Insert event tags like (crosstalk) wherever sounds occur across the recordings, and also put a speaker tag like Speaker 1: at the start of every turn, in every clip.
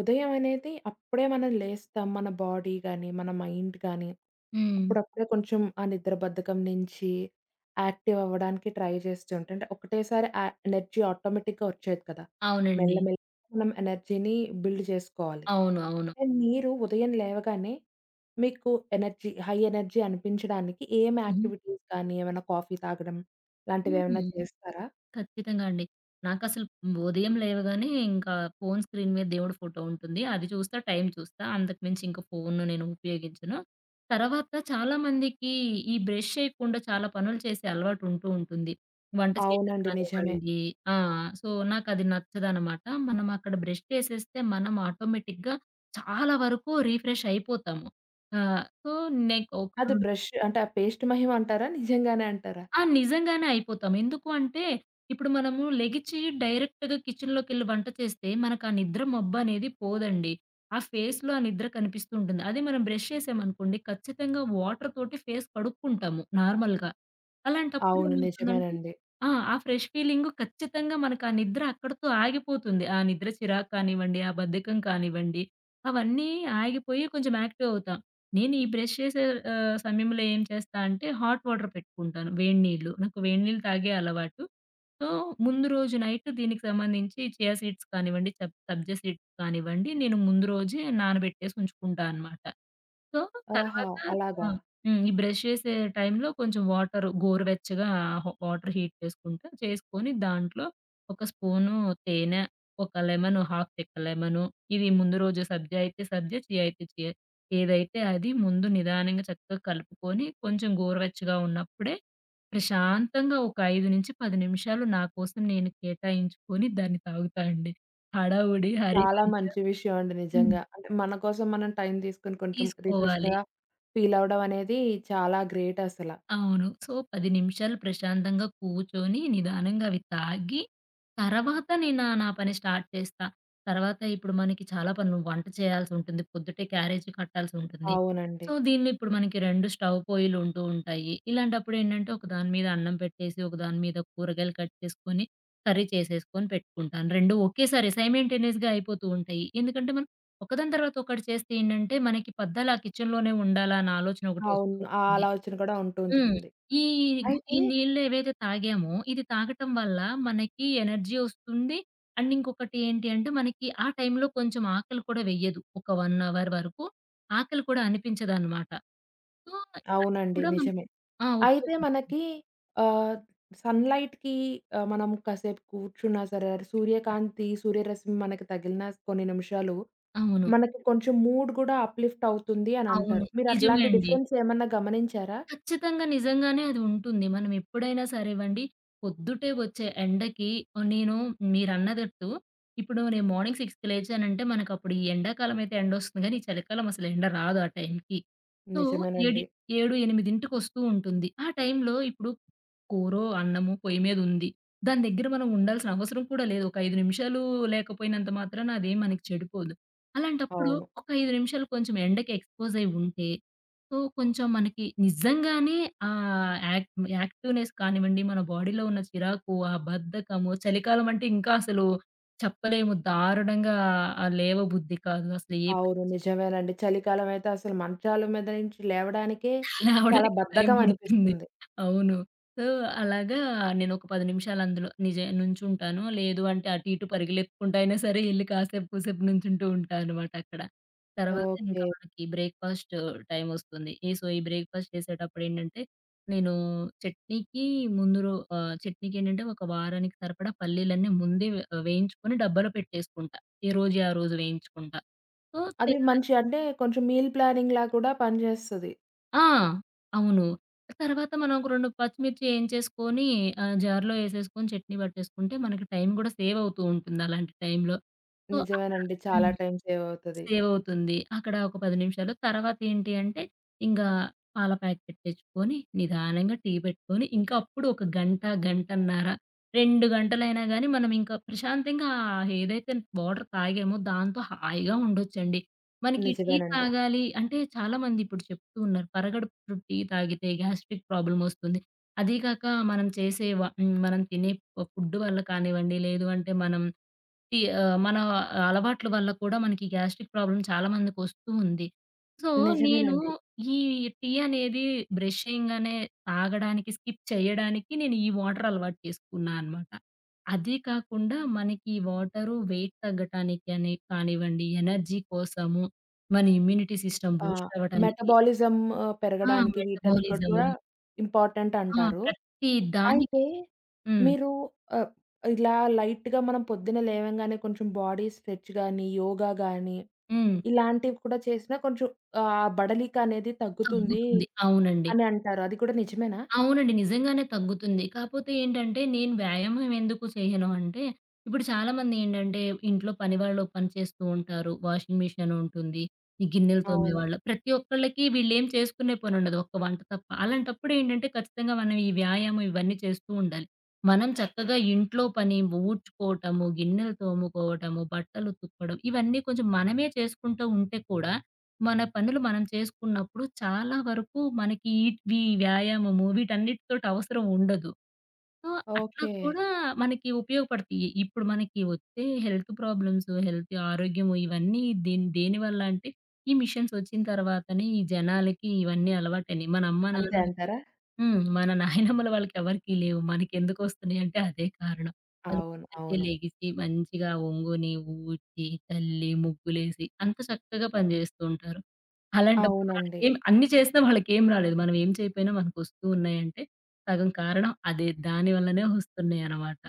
Speaker 1: ఉదయం అనేది అప్పుడే మనం లేస్తాం. మన బాడీ గాని, మన మైండ్ కానీ,
Speaker 2: హ్మ్.
Speaker 1: అప్పుడప్పుడే కొంచెం ఆ నిద్ర బద్ధకం నించి యాక్టివ్ అవ్వడానికి ట్రై జేస్తుంటే అంటే ఒకటేసారి ఆ ఎనర్జీ ఆటోమేటిక్‌గా వచ్చేయదు కదా!
Speaker 2: అవునండి.
Speaker 1: మెల్లమెల్లగా మనం ఎనర్జీని బిల్డ్ జేసుకోవాలి.
Speaker 2: అవును. అవును.
Speaker 1: అండ్ మీరు ఉదయం లేవగానే మీకు ఎనర్జీ హై ఎనర్జీ అనిపించడానికి ఏం
Speaker 2: హుహు.
Speaker 1: యాక్టివిటీస్ కానీ, ఏమన్నా కాఫీ తాగడం
Speaker 2: హుహు.
Speaker 1: లాంటివేమన్నా చేస్తారా?
Speaker 2: ఖచ్చితంగా అండి నాకసలు ఉదయం లేవగానే ఇంకా ఫోను స్క్రీన్ మీద దేవుడి ఫోటో ఉంటుంది అది చూస్తా, టైం చూస్తా, అంతకుమించి ఇంకా ఫోను నేను ఉపయోగించను. తర్వాత చాలామందికి ఈ బ్రష్ చేయకుండా చాలా పనులు చేసే అలవాటు ఉంటూ ఉంటుంది. వంట చేయడం
Speaker 1: అవునండి. నిజమే.
Speaker 2: కానివ్వండి ఆ! సో, నాకది నచ్చదనమాట. మనం అక్కడ బ్రష్ చేసేస్తే మనం ఆటోమేటిక్‌గా చాలా వరకు రిఫ్రెష్ అయిపోతాము. ఆ! సో, నేను ఒకా
Speaker 1: అది బ్రష్షు అంటే, ఆ పేస్ట్ మహిమంటారా? నిజంగానే అంటారా?
Speaker 2: ఆ! నిజంగానే అయిపోతాం. ఎందుకూ అంటే ఇప్పుడు మనము లెగిచి డైరెక్ట్‌గా కిచెన్‌లోకెళ్లి వంట చేస్తే, మనకా నిద్ర మబ్బనేది పోదండి. ఆ ఫేస్‌లో ఆ నిద్ర కనిపిస్తూ ఉంటుంది. అది మనం బ్రష్ చేశామనుకోండి ఖచ్చితంగా వాటరుతోటి ఫేస్ కడుక్కుంటాము నార్మల్‌గా. అలాంటప్పుడు
Speaker 1: అవును.
Speaker 2: ఏమవుతుందంటే
Speaker 1: నిజమేనండి.
Speaker 2: ఆ! ఆ ఫ్రెష్ ఫీలింగు ఖచ్చితంగా మనకా నిద్ర అక్కడితో ఆగిపోతుంది. ఆ నిద్ర చిరాకు కానివ్వండి, ఆ బద్ధకం కానివ్వండి, అవన్నీ ఆగిపోయి కొంచెం యాక్టీవవుతాం. నేనీ బ్రష్ చేసే ఆహ్, సమయంలో ఏం చేస్తా అంటే హాట్ వాటర్ పెట్టుకుంటాను వేడి నీళ్ళు. నాకు వేడి నీళ్ళు తాగే అలవాటు. సో, ముందు రోజు నైటు దీనికి సంబంధించి చియా సీడ్స్ కానివ్వండి, సబ్ సబ్జా సీడ్స్ కానివ్వండి, నేను ముందు రోజే నానబెట్టేసి ఉంచుకుంటా అనమాట. సో,
Speaker 1: ఆహా!
Speaker 2: తర్వాత
Speaker 1: అలాగా?
Speaker 2: ఆ! హ్మ్. ఈ బ్రష్ చేసే టైంలో కొంచెం వాటరు గోరువెచ్చగా ఆహ్, వాటరు హీట్ చేసుకుంటా, చేసుకొని దాంట్లో ఒక స్పూను తేనె, ఒక లెమన్, హాఫ్‌ చెక్క లెమను, ఇవి ముందు రోజు సబ్జా అయితే సబ్జా, చియా అయితే చియా, ఏదైతే అది ముందు నిదానంగా చక్కగా కలుపుకొని కొంచెం గోరువెచ్చగా ఉన్నప్పుడే ప్రశాంతంగా ఒక 5-10 నిమిషాలు నాకోసం నేను కేటాయించుకొని దాన్ని తాగుతా అండి. హడావుడి
Speaker 1: చాలా
Speaker 2: హరీబరీగా
Speaker 1: మంచి విషయమండి
Speaker 2: హ్మ్.
Speaker 1: నిజంగా. అంటే, మన కోసం మనం టైం తీసుకొని కొంచెం రిఫ్రెష్‌గా
Speaker 2: తీసుకోవాలి.
Speaker 1: ఫీలవ్వడం అనేది చాలా గ్రేటసలా.
Speaker 2: అవును. సో, 10 నిమిషాలు ప్రశాంతంగా కూర్చొని, నిదానంగా అవి తాగి, తరవాత నేనా, నా పని స్టార్ట్ చేస్తా. తర్వాత ఇప్పుడు మనకి చాలా పనులు. వంట చేయాల్సుంటుంది, పొద్దుటే క్యారేజీ కట్టాల్సుంటుంది.
Speaker 1: అవునండి.
Speaker 2: సో, దీన్ని ఇప్పుడు మనకి 2 స్టవ్ పొయిలుంటూ ఉంటాయి. ఇలాంటప్పుడేండంటే ఒకదాని మీద అన్నం పెట్టేసి, ఒకదాని మీద కూరగాయలు కట్ చేసుకొని, కర్రీ చేసేసుకొని, పెట్టుకుంటాను. రెండూ ఒకేసారి సైమంటేనియస్‌గా అయిపోతూ ఉంటాయి. ఎందుకంటే మనం ఒకదాని తర్వాత ఒకటి చేస్తే ఏండంటే, మనకి పద్దాలా ఆ కిచెన్‌‌లోనే ఉండాలా అని ఆలోచన ఒకటి వస్తూ
Speaker 1: అవును. ఆ
Speaker 2: ఉంటుంది.
Speaker 1: ఆలోచన కూడా ఉంటూ
Speaker 2: హ్మ్.
Speaker 1: ఉంటుంది.
Speaker 2: ఈ గు
Speaker 1: అయితే
Speaker 2: ఈ నీళ్ళేవైతే తాగామో, ఇది తాగటం వల్ల మనకి ఎనర్జీ ఒస్తుంది అండ్ ఇంకొకటి ఏంటి అంటే మనకి ఆ టైంలో కొంచెం ఆకలి కూడా వెయ్యదు. ఒక 1 అవర్ వరుకు ఆకలి కూడా అనిపించదన్నమాట. సో, అది
Speaker 1: అవునండి.
Speaker 2: కూడా మనకు
Speaker 1: నిజమే.
Speaker 2: ఆ!
Speaker 1: అయితే
Speaker 2: ఉపయోగపడుతుంది.
Speaker 1: మనకి ఆహ్, సన్‌లైట్‌కి ఆహ్, మనము కాసేపు కూర్చున్నా సరే, సూర్యకాంతి, సూర్యరశ్మి మనకి తగిలినా కొన్ని నిమిషాలు
Speaker 2: అవును.
Speaker 1: మనకి కొంచెం మూడ్ కూడా అప్‌లిఫ్ట్ అవుతుంది
Speaker 2: అవును.
Speaker 1: అనంటారు. మీరు
Speaker 2: నిజమే
Speaker 1: అట్లాంటి
Speaker 2: అండి.
Speaker 1: డిఫరెన్స్ ఏమన్నా గమనించారా?
Speaker 2: ఖచ్చితంగా నిజంగానే అది ఉంటుంది. మనం ఎప్పుడైనా సరే వండి, పొద్దుటే వచ్చే ఎండకి ఆహ్, నేను మీరన్నదట్టు ఇప్పుడు నేను మార్నింగ్ 6కి లేచానంటే మనకప్పుడు ఈ ఎండాకాలమయితే ఎండొస్తుంది గానీ, చలికాలం అసలు ఎండ రాదా టైంకి. సో, ఏడి
Speaker 1: నిజమేనండి.
Speaker 2: 7, 8కి ఒస్తూ ఉంటుంది. ఆ టైంలో ఇప్పుడు కూరో, అన్నము, పొయ్యి మీద ఉంది. దాని దగ్గర మనం ఉండాల్సిన అవసరం కూడా లేదు. ఒక 5 నిమిషాలూ లేకపోయినంత మాత్రాన అదేం మనకి చెడిపోదు. అలాంటప్పుడు
Speaker 1: అవును.
Speaker 2: ఒక 5 నిమిషాలు కొంచెం ఎండకి ఎక్స్‌పోజయి ఉంటే సో, కొంచెం మనకి నిజంగానే ఆ యాక్ యాక్టివ్‌నెస్ కానివ్వండి, మన బాడీలో ఉన్న చిరాకు, ఆ బద్ధకము, చలికాలమంటే ఇంకా అసలు చెప్పలేము దారుణంగా ఆహ్, లేవ బుద్ధి కాదు అసలు ఏ పనీ
Speaker 1: అవును. నిజమేనండి. చలికాలం అయితే అసలు మంచాల మీద నుంచి లేవడానికే చాలా
Speaker 2: లేవడానికి టైం
Speaker 1: బద్ధకం
Speaker 2: బడుతుంది.
Speaker 1: అనిపిస్తుంది.
Speaker 2: అవును. సో, అలాగా నేనొక 10 నిమిషాలు అందులో నిజ నుంచుంటాను. లేదు అంటే, అటు ఇటు పరుగులెత్తుకుంటా అయినా సరే ఎళ్లి కాసేపు కూసేపు నుంచుంటూ ఉంటా అనమాటక్కడ. తర్వాత ఇంకా
Speaker 1: ఓకే.
Speaker 2: మనకి బ్రేక్‌ఫాస్ట్ టైమొస్తుంది. ఈ సో, ఈ బ్రేక్‌ఫాస్ట్ చేసేటప్పుడేండంటే నేనూ చట్నీకి ముందు రో ఆహ్, చట్నీకేండంటే, ఒక వారానికి సరిపడా పల్లీలన్నీ ముందే వే ఆహ్, వేయించుకొని డబ్బాలో పెట్టేసుకుంటా. ఏ రోజుయి ఆ రోజు వేయించుకుండా. సో,
Speaker 1: అది
Speaker 2: తెల్లా
Speaker 1: మంచి అంటే, కొంచెం మీల్ ప్లానింగ్‌లా కూడా పనిజేస్తది.
Speaker 2: ఆ! అవును. తర్వాత మనం ఒక 2 పచ్చిమిర్చి ఏయించేసుకొని, ఆ జార్‌లో ఎసేసుకొని, చట్నీ పట్టేసుకుంటే మనకి టైం గుడా సేవవుతూ ఉంటుంది, అలాంటి టైంలో. సో, అక్కడ
Speaker 1: నిజమేనండి. చాలా
Speaker 2: హ్మ్.
Speaker 1: టైం సేవవుతది.
Speaker 2: సేవ్ అవుతుంది. అక్కడ ఒక 10 నిమిషాలు, తర్వాత ఏంటి అంటే, ఇంగా పాల ప్యాకెట్ తెచ్చుకొని, నిదానంగా టీ పెట్టుకొని, ఇంకా అప్పుడు ఒక గంట, గంటన్నర. 2 గంటలైనా కానీ మనం ఇంకా ప్రశాంతంగా, ఆ ఏదైతే వాటరు తాగామో దాంతో హాయిగా ఉండొచ్చండి. మనకి టీ
Speaker 1: నిజమేనండి.
Speaker 2: తాగాలి అంటే చాలామంది ఇప్పుడు చెప్తూ ఉన్నారు పరగడుపున టీ తాగితే గ్యాస్ట్రిక్ ప్రాబ్లమొస్తుంది. అదీ కాక మనం చేసే వ హ్మ్. మనం తినే ప ఫుడ్డు వల్ల కానివ్వండి, లేదు అంటే మనం టీ ఆహ్, మన అలవాట్లు వల్ల కూడా మనకి గాస్ట్రిక్ ప్రాబ్లమ్ చాలామందికి వస్తూ ఉంది. సో నేను
Speaker 1: నిజమేనండి.
Speaker 2: ఈ టీ అనేది బ్రషింగ్ అనే తాగడానికి, స్కిప్ చేయడానికి నేను ఈ వాటరు అలవాటు చేసుకున్నా అనమాట. అది కాకుండా మనకి ఈ వాటరు వెయిట్ తగ్గటానికాని కానివ్వండి, ఎనర్జీ కోసము, మన ఇమ్యూనిటీ సిస్టమ్
Speaker 1: ఆ!
Speaker 2: బూస్ట్ అవ్వటానికి
Speaker 1: మెటబాలిజం ఆహ్,
Speaker 2: ఆ!
Speaker 1: పెరగడానికి వీటానికి
Speaker 2: మెటబాలిజము.
Speaker 1: కూడా
Speaker 2: ఆ!
Speaker 1: ఇంపార్టెంటంటారు.
Speaker 2: ప్రతి
Speaker 1: అయితే
Speaker 2: దానికి హ్మ్.
Speaker 1: మీరు ఆహ్, ఇలా లైట్‌గా మనం పొద్దున్న లేవంగానే కొంచెం బాడీ స్ట్రెచ్ గాని, యోగ గాని
Speaker 2: హ్మ్.
Speaker 1: ఇలాంటివి కూడా చేసినా కొంచెం ఆహ్, బడలికనేది తగ్గుతుందీ,
Speaker 2: తగ్గుతుంది. అవునండి.
Speaker 1: అని అంటారు. అది కూడా నిజమేనా?
Speaker 2: అవునండి. నిజంగానే తగ్గుతుంది. కాపోతే ఏంటంటే నేను వ్యాయామం ఎందుకు చేయను అంటే, ఇప్పుడు చాలా మంది ఏంటంటే ఇంట్లో పనివాళ్ళు పనిచేస్తూ ఉంటారు. వాషింగ్ మిషనుంటుంది, ఈ గిన్నెలు
Speaker 1: అవును.
Speaker 2: తోమ్మేవాళ్ళు ప్రతి ఒక్కళ్ళకి వీళ్ళేం చేసుకునే పనుండదు. ఒక వంట తప్ప, అలాంటప్పుడు ఏంటంటే ఖచ్చితంగా మనం ఈ వ్యాయామం ఇవన్నీ చేస్తూ ఉండాలి. మనం చక్కగా ఇంట్లో పని ఊడ్చుకోవటము, గిన్నెలు తోముకోవటము, బట్టలు ఉతుక్కొడం ఇవన్నీ కొంచెం మనమే చేసుకుంటా ఉంటే కూడా, మన పనులు మనం చేసుకున్నప్పుడు చాలా వరకు మనకి ఈట్ ఇవి వ్యాయామము వీటన్నిటితోటి అవసరం ఉండదు. సో, అట్ల
Speaker 1: ఓకె.
Speaker 2: కూడా మనకి ఉపయోగపడతయి. ఇప్పుడు మనకి వచ్చే హెల్త్ ప్రాబ్లమ్స్, హెల్త్ ఆరోగ్యం ఇవన్నీది దేని దేనివల్ల అంటే, ఈ మిషన్స్ వచ్చిన తర్వాతనే ఈ జనాలకి ఇవన్నీ అలవాటయినయి. మన అమ్మ
Speaker 1: అంతే
Speaker 2: నాన్నలకి
Speaker 1: అంటారా?
Speaker 2: హ్మ్. మన (giggles) నాయనమ్మల వాళ్ళకి ఎవరికీ లేవు, మనకెందుకొస్తున్నయి అంటే అదే కారణం. వాళ్ళు
Speaker 1: అవును,
Speaker 2: పొద్దున్నే
Speaker 1: అవును.
Speaker 2: లేగిసి మంచిగా ఒంగుని, ఊడ్చి, చల్లి, ముగ్గులేసి అంత చక్కగా పనిచేస్తూ ఉంటారు. అలాంటప్పుడు
Speaker 1: అవునండి.
Speaker 2: వాళ్ళకెం అన్ని చేసినా వాళ్ళకేం రాలేదు. మనం ఏం చేయకపోయినా మనకు వస్తున్నాయి అంటే సగం కారణం అదే, దాని వల్లనే వస్తున్నాయనమాట.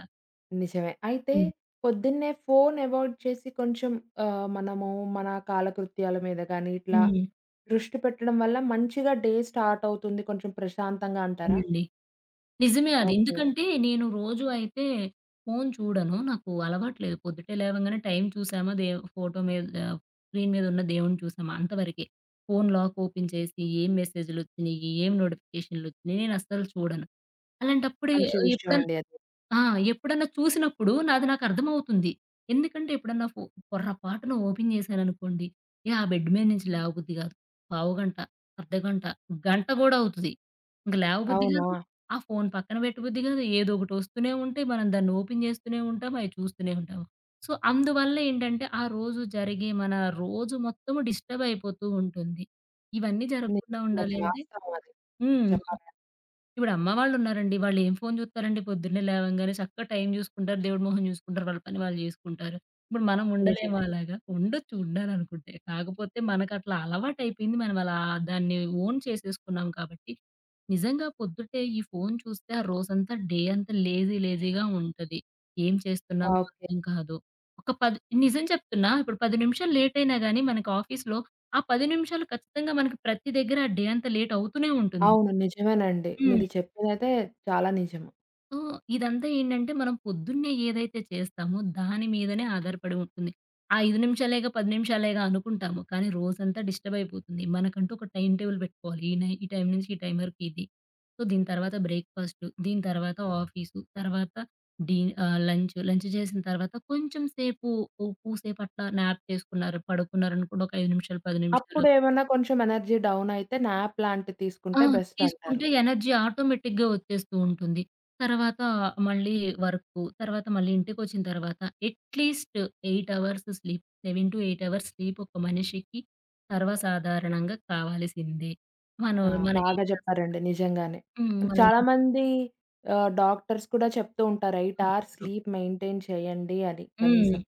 Speaker 1: నిజమే. అయితే
Speaker 2: హ్మ్.
Speaker 1: పొద్దున్నే ఫోను అవాయిడ్ చేసి, కొంచెం ఆహ్, మనము మన కాలకృత్యాల మీద గాని ఇట్లా
Speaker 2: హ్మ్.
Speaker 1: దృష్టి పెట్టడం వల్ల మంచిగా డే స్టార్టవుతుంది కొంచెం ప్రశాంతంగా అంటారా?
Speaker 2: అవునండి. నిజమే అది.
Speaker 1: ఓకే.
Speaker 2: ఎందుకంటే నేను రోజు అయితే ఫోను చూడను. నాకు అలవాటు లేదు. పొద్దుటే లేవగానే టైం చూసామా, దే ఫోటో మీద ఆహ్, స్క్రీన్ మీద ఉన్న దేవుణ్ని చూసామా, అంతవరకే. ఫోను లాక్ ఓపెన్ చేసి ఏం మెసేజులొచ్చినయ్యి, ఏం నోటిఫికేషనులొచ్చినయి నేను అస్సలు చూడను. అలాంటప్పుడు ఎ
Speaker 1: మంచి విషయం
Speaker 2: ఎప్పుడన్నా
Speaker 1: అండి అది.
Speaker 2: ఆ! ఎప్పుడన్నా చూసినప్పుడు నాది నాకు అర్థమవుతుంది. ఎందుకంటే ఎప్పుడన్నా ఫో పొరపాటున ఓపెన్ చేశాననుకోండి, ఇక ఆ బెడ్ మీద నుంచి లేవబుద్ధి కాదు. పావుగంట, అర్ధగంట, గంట కూడా అవుతది. ఇంకా లేవబుద్ధి
Speaker 1: అవునా?
Speaker 2: కాదు, ఆ ఫోను పక్కన పెట్టబుద్ధి కాదు. ఏదోకటి వస్తూనే ఉంటేయి మనం దాన్ని ఓపెన్ చేస్తూనే ఉంటాము, అయి చూస్తూనే ఉంటాము. సో, అందువల్ల ఏంటంటే, ఆ రోజు జరిగే మన రోజు మొత్తము డిస్టర్బ్ అయిపోతూ ఉంటుంది. ఇవన్నీ జరగకుండా ఉండాలి
Speaker 1: నిజమండి.
Speaker 2: అంటే
Speaker 1: వాస్తవం అది.
Speaker 2: హ్మ్.
Speaker 1: చెప్పాలియ
Speaker 2: ఇప్పుడు అమ్మ వాళ్లున్నారండి. వాళ్లు ఏం ఫోను చూత్తారండి? పొద్దున్నే లేవంగానే చక్కగా టైం చూసుకుంటారు, దేవుడి మొహం చూసుకుంటారు, వాళ్ల పని వాళ్లు చేసుకుంటారు. ఇప్పుడు మనం ఉండలేమా?
Speaker 1: నిజమే.
Speaker 2: అలాగా. ఉండొచ్చు, ఉండాలనుకుంటే. కాకపోతే మనకట్లా అలవాటు అయిపోయింది. మనం అలా దాన్ని ఓన్ చేసేసుకున్నాం కాబట్టి. నిజంగా పొద్దుటే ఈ ఫోను చూస్తే ఆ రోజంతా, డే అంతా లేజీ లేజీగా ఉంటది. ఏం చేస్తున్నామో
Speaker 1: ఓకే.
Speaker 2: అర్థం కాదు. ఒక పది నిజం చెప్తున్న ఒక 10 నిమిషాలు లేటయినా గాని, మన ఆఫీస్‌లో ఆ 10 నిమిషాలు ఖచ్చితంగా మనకి ప్రతి దగ్గర, ఆ డే అంతా లేటవుతూనే ఉంటుంది.
Speaker 1: అవును. నిజమేనండి.
Speaker 2: హ్మ్.
Speaker 1: మీరు చెప్పిందైతే చాలా నిజము.
Speaker 2: సో, ఇదంతా ఏంటంటే మనం పొద్దున్నే ఏదైతే చేస్తామో దాని మీదనే ఆధారపడి ఉంటుంది. ఆ 5 నిమిషాలేగా, 10 నిమిషాలేగా అనుకుంటాము. కాని రోజంతా డిస్టబయిపోతుంది. మనకంటూ ఒక టైమ్ టేబుల్ పెట్టుకోవాలి ఈ నై ఈ టైం నుంచి, ఈ టైం వరకు ఇది. సో దీని తర్వాత బ్రేక్‌ఫాస్టు, దీని తర్వాత ఆఫీసు, తర్వాత డీ ఆహ్, లంచు. లంచు చేసిన తర్వాత కొంచెం సేపు, ఓ కూసేపు అట్లా న్యాప్ చేసుకున్నారు, పడుకున్నారనుకోండి ఒక 5 నిమిషాలు, 10 నిమిషాలు.
Speaker 1: అప్పుడేవన్నా కొంచెం ఎనర్జీ డౌన్ అయితే, న్యాప్ లాంటిది
Speaker 2: ఆ!
Speaker 1: తీసుకుంటే బెస్టంటారు.
Speaker 2: తీసుకుంటే ఎనర్జీ ఆటోమేటిక్‌గా వచ్చేస్తూ ఉంటుంది. తర్వాత మళ్ళీ వర్కు. తర్వాత మళ్ళీ ఇంటికొచ్చిన తర్వాత, at least 8 hours sleep. 7-8 hours sleep ఒక మనిషికి సర్వసాధారణంగా కావాల్సిందే.
Speaker 1: ఆ!
Speaker 2: మనోళ్లు మనం ఏం
Speaker 1: బాగా
Speaker 2: చేస్తన్నా
Speaker 1: చెప్పారండి, నిజంగానే.
Speaker 2: హ్మ్, అది.
Speaker 1: చాలా మంది ఆహ్, డాక్టర్స్ కూడా చెప్తూ ఉంటారు 8 అవర్స్
Speaker 2: (unintelligible)
Speaker 1: స్లీప్ మెయింటైన్ చేయండి అని,
Speaker 2: హ్మ్.
Speaker 1: కనీసం.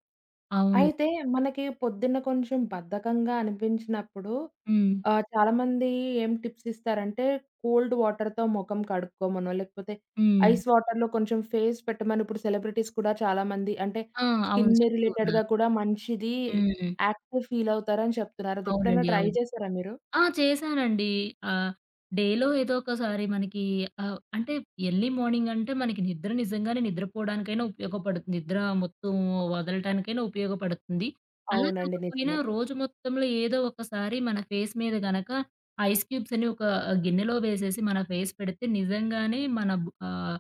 Speaker 2: అవును.
Speaker 1: అయితే మనకి పొద్దున్న కొంచెం బద్ధకంగా అనిపించినప్పుడు
Speaker 2: హ్మ్.
Speaker 1: ఆహ్, చాలామంది ఏం టిప్స్ ఇస్తారంటే కోల్డ్ వాటర్‌తో మొఖం కడుక్కోమనో, లేకపోతే
Speaker 2: హ్మ్.
Speaker 1: ఐస్ వాటర్‌లో కొంచెం ఫేస్ పెట్టమని ఇప్పుడు సెలబ్రిటీస్ కూడా చాలామంది అంటే
Speaker 2: ఆ! అవును
Speaker 1: స్కిన్
Speaker 2: చెప్తూ ఉన్నారు.
Speaker 1: రిలేటెడ్‌గా కూడా మంచిది
Speaker 2: హ్మ్.
Speaker 1: యాక్టివ్ ఫీల్ అవుతారని చెప్తున్నారు, అదెప్పుడైనా
Speaker 2: అవునండి,
Speaker 1: ట్రై
Speaker 2: అవును.
Speaker 1: చేసారా మీరు?
Speaker 2: ఆ! చేశానండి ఆహ్, డేలో ఏదోకసారి మనకి ఆహ్, అంటే ఎర్లీ మార్నింగంటే మనకి నిద్ర నిజంగానే నిద్రపోవడానికైనా ఉపయోగపడుతుంది, నిద్ర మొత్తం వదలటానికైనా ఉపయోగపడుతుంది. అలా
Speaker 1: అవునండి.
Speaker 2: కాకపోయినా
Speaker 1: నిజమే.
Speaker 2: రోజు మొత్తంలో ఏదో ఒకసారి మన ఫేస్ మీద గనక ఐస్ క్యూబ్స్ అని ఒక గిన్నెలో వేసేసి మన ఫేస్ పెడితే, నిజంగానే మన ఆహ్,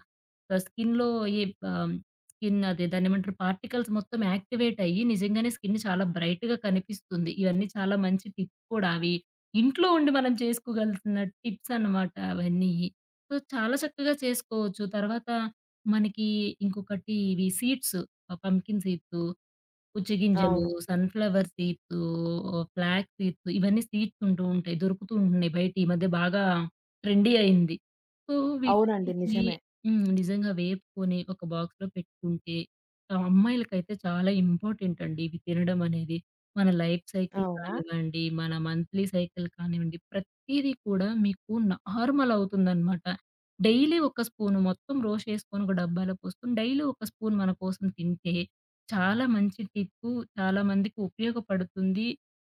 Speaker 2: స్కిన్‌లో ఈ ఆహ్, స్కిన్నదే దాన్నేమంటరు పార్టికల్స్ మొత్తం యాక్టివేట్ అయ్యి, నిజంగానే స్కిన్ చాలా బ్రైట్‌గా కనిపిస్తుంది. ఇయన్నీ చాలా మంచి టిప్ కూడా అవి, ఇంట్లో ఉండి మనం చేసుకోగలిసిన టిప్సనమాట అవన్నీయి. సో, చాలా చక్కగా చేసుకోవచ్చు, తర్వాత మనకి ఇంకొకటి ఇవి సీడ్సు, ఆహ్, పంప్కిన్ సీడ్సు, పుచ్చి గింజలు
Speaker 1: అవును.
Speaker 2: సన్‌ఫ్లవర్ సీడ్సు, ఓహ్ ఫ్లాగ్ సీడ్స్ ఇవన్నీ సీడ్స్ ఉంటూ ఉంటాయి. దొరుకుతూ ఉంటున్నాయి. బయట ఈ మధ్య బాగా ట్రెండీ అయింది. సో
Speaker 1: అవునండి.
Speaker 2: వీటన్నిటిని
Speaker 1: నిజమే.
Speaker 2: హ్మ్, నిజంగా వేపుకొని ఒక బాక్స్‌లో పెట్టుకుంటే, అమ్మాయిలకైతే చాలా ఇంపార్టెంటండి ఇవి తినడం అనేది. మన లైఫ్ సైకిల్
Speaker 1: అవునా!
Speaker 2: కానివ్వండి, మన మంథ్లీ సైకిల్ కానివ్వండి ప్రతీది కూడా మీకు నార్మల్ అవుతుందన్నమాట. డైలీ ఒక స్పూను మొత్తం రోస్ట్ చేసుకొని ఒక డబ్బాలో పోసుకొని, డైలీ ఒక స్పూన్ మనకోసం తింటే. చాలా మంచి టిప్పు, చాలామందికి ఉపయోగపడుతుంది,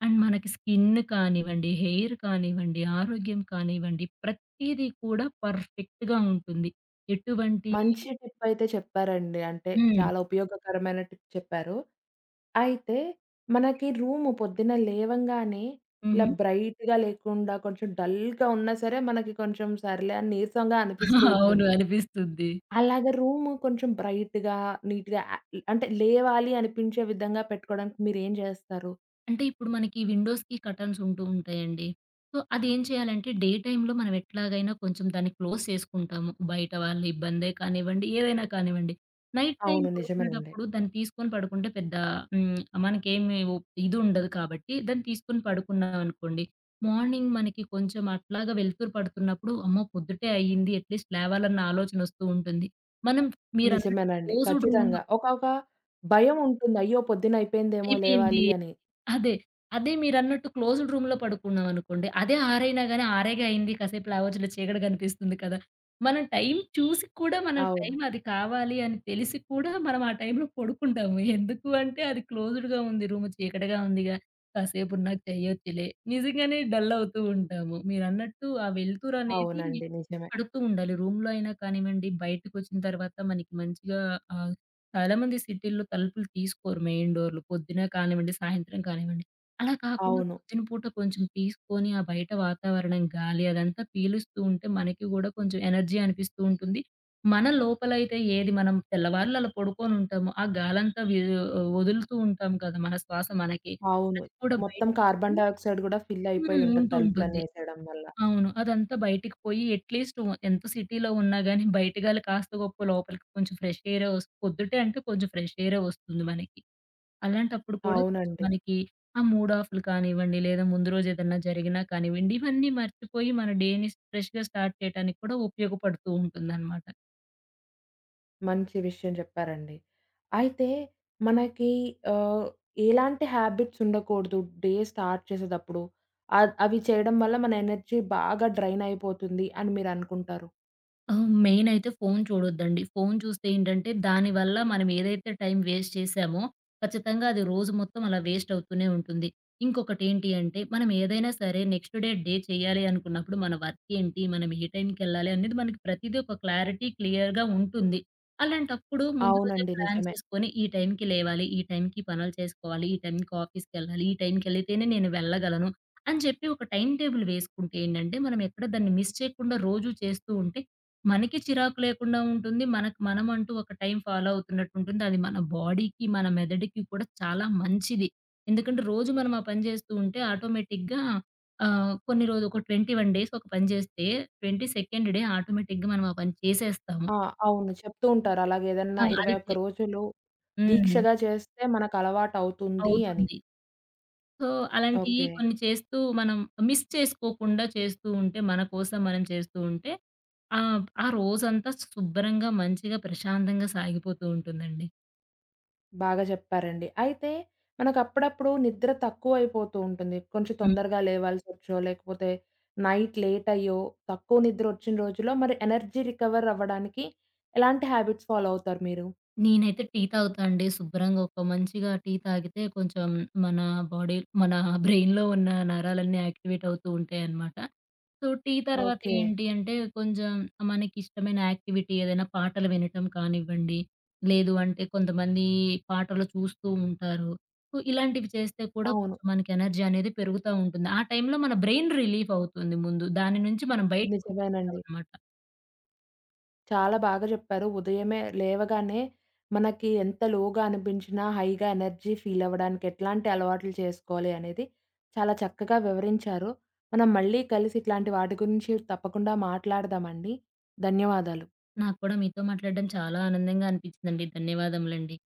Speaker 2: అండ్ మనకి స్కిన్ కానివ్వండి, హెయిర్ కానివ్వండి, ఆరోగ్యం కానివ్వండి ప్రతీదీ కూడా పర్ఫెక్ట్‌గా ఉంటుంది ఎటువంటి
Speaker 1: మంచి టిప్పయితే చెప్పారండి. అంటే,
Speaker 2: హ్మ్.
Speaker 1: చాలా ఉపయోగకరమైన టిప్ చెప్పారు. అయితే మనకి రూము పొద్దున్న లేవంగానే ఇలా
Speaker 2: హుహు.
Speaker 1: బ్రైట్‌గా లేకుండా కొంచెం డల్‌గా ఉన్నా సరే మనకి కొంచెం సర్లే అని నీరసంగా అనిపిస్తూ
Speaker 2: అవును,
Speaker 1: ఉంటుంది.
Speaker 2: అనిపిస్తుంది.
Speaker 1: అలాగ రూము కొంచెం బ్రైట్‌గా, నీట్‌గా ఆహ్, ఈ అంటే లేవాలి అనిపించే విధంగా పెట్టుకోవడానికి మీరేం చేస్తారు?
Speaker 2: అంటే ఇప్పుడు మనకి విండోస్‌కి కర్టెన్స్ ఉంటూ ఉంటాయండి. సో అది ఏం చేయాలంటే డే టైమ్‌లో మనం ఎట్లాగైనా కొంచెం దాన్ని క్లోజ్ చేసుకుంటాము. బయట వాళ్ల ఇబ్బందే కానివ్వండి, ఏదైనా కానివ్వండి. నైట్ టైమ్
Speaker 1: అవును. నిజమేనండి.
Speaker 2: పడుకునేటప్పుడు దాన్ని తీసుకొని పడుకుంటే పెద్ద హ్మ్, మనకేమీ ఉ ఇదుండదు కాబట్టి దాన్ని తీసుకొని పడుకున్నాం అనుకోండి. మార్నింగ్ మనకి కొంచెం అట్లాగా వెలుతురు పడుతున్నప్పుడు, అమ్మో! పొద్దుటే అయింది, అట్లీస్ట్ లేవాలన్న ఆలోచన వస్తూ ఉంటుంది. మనం మీరన్నట్టు
Speaker 1: నిజమేనండి.
Speaker 2: క్లోజ్డ్ రూమ్‌లో
Speaker 1: ఖచ్చితంగా. ఒకొక భయం ఉంటుంది. అయ్యో! పొద్దున్న అయిపోయిందేమో
Speaker 2: అయిపోయింది.
Speaker 1: లేవాలి అని.
Speaker 2: అదే, అదే. మీరన్నట్టు క్లోజ్డ్ రూమ్‌లో పడుకున్నాం అనుకోండి. అదే 6 అయినా గానీ, "ఆరేగా అయింది, కాసేపు" అని లేవచ్చులే చీకటి కనిపిస్తుంది కదా. మనం టైం చూసి కూడా, మనం
Speaker 1: అవును.
Speaker 2: టైం అది కావాలి అని తెలిసి కూడా, మనం ఆ టైంలో పడుకుంటాము. ఎందుకు అంటే అది క్లోజ్డ్‌గా ఉంది, రూమ్ "చీకటిగా ఉందిగా. కాసేపునా చేయొచ్చులే" నిజంగానే డల్ అవుతూ ఉంటాము. మీరన్నట్టు ఆ వెలుతురనేది
Speaker 1: అవునండి. నిజమే.
Speaker 2: పడుతూ ఉండాలి రూమ్‌లో అయిన కానివ్వండి. బయటకొచ్చిన తర్వాత మనకి మంచిగా ఆహ్, చాలామంది సిటీలో తలుపులు తీసుకోరు. మెయిన్ డోరులు పొద్దున్న కానివ్వండి, సాయంత్రం కానివ్వండి. అలా కాకుండా
Speaker 1: అవును.
Speaker 2: పొద్దున పూట కొంచెం తీసుకొని, ఆ బయట వాతావరణం, గాలి అదంతా పీలుస్తూ ఉంటే మనకి కూడా కొంచెం ఎనర్జీ అనిపిస్తూ ఉంటుంది మన లోపలయితే ఏది మనం తెల్లవారులలా అలా పడుకొని ఉంటాము, ఆ గాలంతా వీ వదులుతూ ఉంటాం కదా! మన శ్వాస మనకి
Speaker 1: అవును.
Speaker 2: అది కూడా బయిట్
Speaker 1: మొత్తం కార్బన్
Speaker 2: హ్మ్,
Speaker 1: డయాక్సైడ్ కూడా ఫిల్ అయిపోయి
Speaker 2: హ్మ్.
Speaker 1: ఉంటది
Speaker 2: ఉంటూ
Speaker 1: తలుపులన్నీ
Speaker 2: ఉంటుంది.
Speaker 1: యెసేయడం వల్ల.
Speaker 2: అవును. అదంతా బయటికి పోయి అట్లీస్ట్ వ ఎంత సిటీలో ఉన్నా గానీ, బయటగా కాస్త గొప్పో లోపలికి కొంచెం ఫ్రెష్ ఎయిర్ ఓస్ పొద్దుటే అంటే కొంచెం ఫ్రెష్ ఎయిరే ఒస్తుంది మనకి. అలాంటప్పుడు కూడా కొంచెం
Speaker 1: అవునండి.
Speaker 2: మనకి ఆ మూడఫ్లు‌లు కానివ్వండి, లేదా ముందు రోజు ఏదన్నా జరిగినా కానివ్వండి, ఇవన్నీ మర్చిపోయి మన డే‌ని ఫ్రెష్‌గా స్టార్ట్ చేయడానికి కూడా ఉపయోగపడుతూ ఉంటుందన్నమాట.
Speaker 1: మంచి విషయం చెప్పారండి. అయితే మనకి ఆహ్, ఎలాంటి హ్యాబిట్స్ ఉండకూడదు? డే స్టార్ట్ చేసేటప్పుడు. అ అవి చేయడం వల్ల మన ఎనర్జీ బాగా డ్రైన్ అయిపోతుంది అని మీరనుకుంటారు.
Speaker 2: హ్మ్. మెయినయితే ఫోను చూడొద్దండి. ఫోను చూస్తే ఏంటంటే, దానివల్ల మనమేదైతే టైమ్ వేస్ట్ చేశామో, ఖచ్చితంగా అది రోజు మొత్తం అలా వేస్ట్ అవుతూనే ఉంటుంది. ఇంకొకటి ఏంటి అంటే, మనం ఏదైనా సరే నెక్స్ట్ డే, డే చేయాలి అనుకున్నప్పుడు మన వర్క్ ఏంటి, మనం ఏ టైంకెళ్ళాలి అనేది మనకి ప్రతిదీ ఒక క్లారిటీ క్లియర్‌గా ఉంటుంది. అలాంటప్పుడు ముందు రోజే
Speaker 1: అవునండి
Speaker 2: ప్లాన్
Speaker 1: నిజమే.
Speaker 2: చేసుకొని, ఈ టైంకి లేవాలి, ఈ టైంకి పనులు చేసుకోవాలి, ఈ టైంకి ఆఫీస్‌కెళ్ళాలి, ఈ టైంకేళితేనే నేను వెళ్ళగలను అని చెప్పి ఒక టైమ్ టేబుల్ వేసుకుంటే ఏంటంటే, మనం ఎక్కడ దాన్ని మిస్ చేయకుండా రోజు చేస్తూ ఉంటే మనకి చిరాకు లేకుండా ఉంటుంది. మనకు మనమంటూ ఒక టైం ఫాలో అవుతున్నట్టు ఉంటుంది. అది మన బాడీకి మన మెదడుకి కూడా చాలా మంచిది. ఎందుకంటే రోజు మనం ఆ పని చేస్తూ ఉంటే ఆటోమేటిక్‌గా ఆహ్, కొన్ని రోజులు, ఒక 21 డేస్ ఒక పని చేస్తే 22 డే ఆటోమేటిక్‌గా మనం ఆ పని చేసేస్తాం.
Speaker 1: ఆ! అవును. చెప్తూ ఉంటారు. అలాగేదన్నా
Speaker 2: ఆ! అది
Speaker 1: 21
Speaker 2: చె
Speaker 1: రోజులు
Speaker 2: హ్మ్.
Speaker 1: దీక్షగా చేస్తే మనకలవాటవుతుందీ అని.
Speaker 2: అవుతుంది. సో, అలాంటియి
Speaker 1: ఓకే.
Speaker 2: కొన్ని చేస్తూ, మనం మిస్ చేసుకోకుండా చేస్తూ ఉంటే, మన కోసం మనం చేస్తూ ఉంటే, ఆహ్, ఆ రోజంతా శుభ్రంగా, మంచిగా, ప్రశాంతంగా సాగిపోతూ ఉంటుందండి.
Speaker 1: బాగా జెప్పారండి. అయితే, మనకప్పుడప్పుడు నిద్ర తక్కువయిపోతూ ఉంటుంది. కొంచెం
Speaker 2: హ్మ్.
Speaker 1: తొందరగా లేవాల్సొచ్చో లేకపోతే, నైట్ లేట్ అయ్యో, తక్కువ నిద్రొచ్చిన రోజుల్లో మరి ఎనర్జీ రికవరవ్వడానికి ఎలాంటి హాబిట్స్ ఫాలో అవుతారు మీరు?
Speaker 2: నేనైతే టీ తాగుతా అండి. శుభ్రంగా ఒక మంచిగా టీ తాగితే కొంచెం మన బాడీ, మన బ్రెయిన్‌లో ఉన్న నరాలన్నీ యాక్టివేట్ అవుతూ ఉంటాయన్నమాట. సో, టీ తరువాత
Speaker 1: ఓకే.
Speaker 2: ఏంటి అంటే, కొంజెం మనకిష్టమైన యాక్టివిటీ ఏదైనా పాటలు వినటం కానివ్వండి, లేదు అంటే, కొంతమంది పాటలు చూస్తూ ఉంటారు. సో, ఇలాంటివి చేస్తే కూడా
Speaker 1: అవును.
Speaker 2: కొంచెం మనకి ఎనర్జీ అనేది పెరుగుతా ఉంటుంది. ఆ టైంలో మన బ్రెయిన్‌ రిలీఫవుతుంది ముందు. దాని నుంచి మనం
Speaker 1: నిజమేనండి.
Speaker 2: బయటకొచ్చేస్తామన్నమాట.
Speaker 1: చాలా బాగా జెప్పారు. ఉదయమే లేవగానే మనకి ఎంత లోగా అనిపించినా, హైగా ఎనర్జీ ఫీలవ్వడానికి ఎట్లాంటి అలవాట్లు చేసుకోవాలి అనేది చాలా చక్కగా వివరించారు. మనం మళ్ళీ కలిసి ఇట్లాంటి వాటి గురించి తప్పకుండా మాట్లాడుదామండి. ధన్యవాదాలు.
Speaker 2: నాకు కూడా మీతో మాట్లాడడం చాలా ఆనందంగా అనిపించిందండి. ధన్యవాదములండి.